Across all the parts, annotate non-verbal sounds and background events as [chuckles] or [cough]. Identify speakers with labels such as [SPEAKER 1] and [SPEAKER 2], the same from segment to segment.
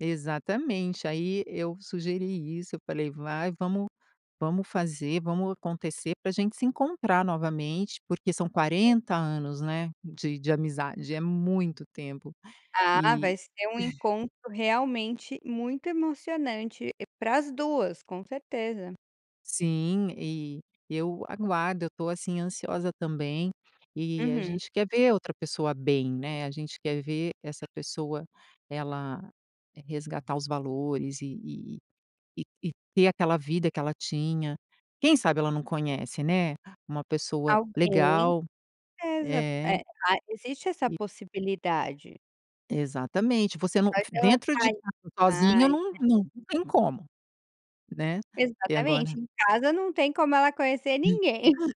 [SPEAKER 1] Exatamente. Aí eu sugeri isso, eu falei: "Vai, vamos vamos fazer, vamos acontecer, p ra gente se encontrar novamente, porque são 40 anos, né, de de amizade, é muito tempo",
[SPEAKER 2] Ah,
[SPEAKER 1] e
[SPEAKER 2] vai ser um
[SPEAKER 1] [chuckles]
[SPEAKER 2] encontro realmente muito emocionante para as 2, com certeza.
[SPEAKER 1] Sim, e eu aguardo, eu tô, assim, ansiosa também, e a
[SPEAKER 2] Uhum.
[SPEAKER 1] gente quer ver a outra pessoa bem, né, a gente quer ver essa pessoa ela resgatar os valores e e e e e ter aquela vida que ela tinha. Quem sabe ela não conhece, né, uma pessoa
[SPEAKER 2] Alguém.
[SPEAKER 1] legal.
[SPEAKER 2] Exa
[SPEAKER 1] É.
[SPEAKER 2] é ah, existe essa
[SPEAKER 1] E
[SPEAKER 2] possibilidade.
[SPEAKER 1] Exatamente, você não
[SPEAKER 2] Faz
[SPEAKER 1] f
[SPEAKER 2] ela
[SPEAKER 1] dentro de
[SPEAKER 2] sair
[SPEAKER 1] casa sozinha
[SPEAKER 2] mais,
[SPEAKER 1] não
[SPEAKER 2] né.
[SPEAKER 1] não tem como, né, e agora
[SPEAKER 2] Exatamente, em casa não tem como ela conhecer ninguém. [chuckles]
[SPEAKER 1] [chuckles]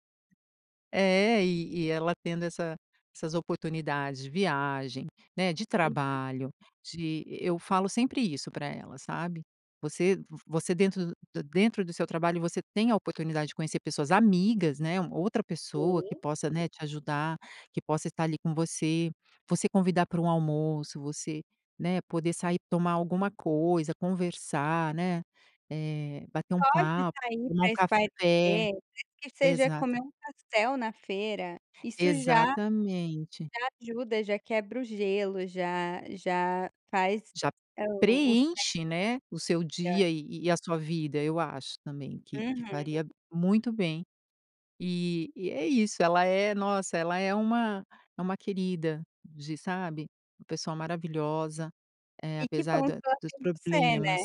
[SPEAKER 1] É, e e ela tendo essa essas oportunidades de viagem, né, de
[SPEAKER 2] Uhum.
[SPEAKER 1] trabalho, de e eu falo sempre isso pra ela, sabe. Você v você dentro do da dentro do seu trabalho, você tem a oportunidade de conhecer pessoas amigas, né, uma outra pessoa que
[SPEAKER 2] Sim.
[SPEAKER 1] possa, né, te ajudar, que possa estar ali com você. Você convidar pra um almoço, você, né, poder sair, tomar alguma coisa, conversar, né, eh, bater um
[SPEAKER 2] Só de
[SPEAKER 1] papo,
[SPEAKER 2] sair
[SPEAKER 1] tomar um
[SPEAKER 2] pra espairecer,
[SPEAKER 1] café.
[SPEAKER 2] nem que seja
[SPEAKER 1] Exata
[SPEAKER 2] comer um pastel na feira, isso já já
[SPEAKER 1] Exatamente.
[SPEAKER 2] ajuda, já quebra o gelo, já já faz
[SPEAKER 1] Já
[SPEAKER 2] o o cé
[SPEAKER 1] preenche, né, o seu
[SPEAKER 2] [unintelligible]
[SPEAKER 1] dia e e a sua vida, eu acho também que que
[SPEAKER 2] Uhum.
[SPEAKER 1] faria muito bem. E e é isso, ela é, nossa, ela é uma é uma querida de, sabe, pessoa maravilhosa, eh,
[SPEAKER 2] E que
[SPEAKER 1] apesar
[SPEAKER 2] bom que
[SPEAKER 1] da
[SPEAKER 2] ela
[SPEAKER 1] dos
[SPEAKER 2] tem você, né.
[SPEAKER 1] problemas.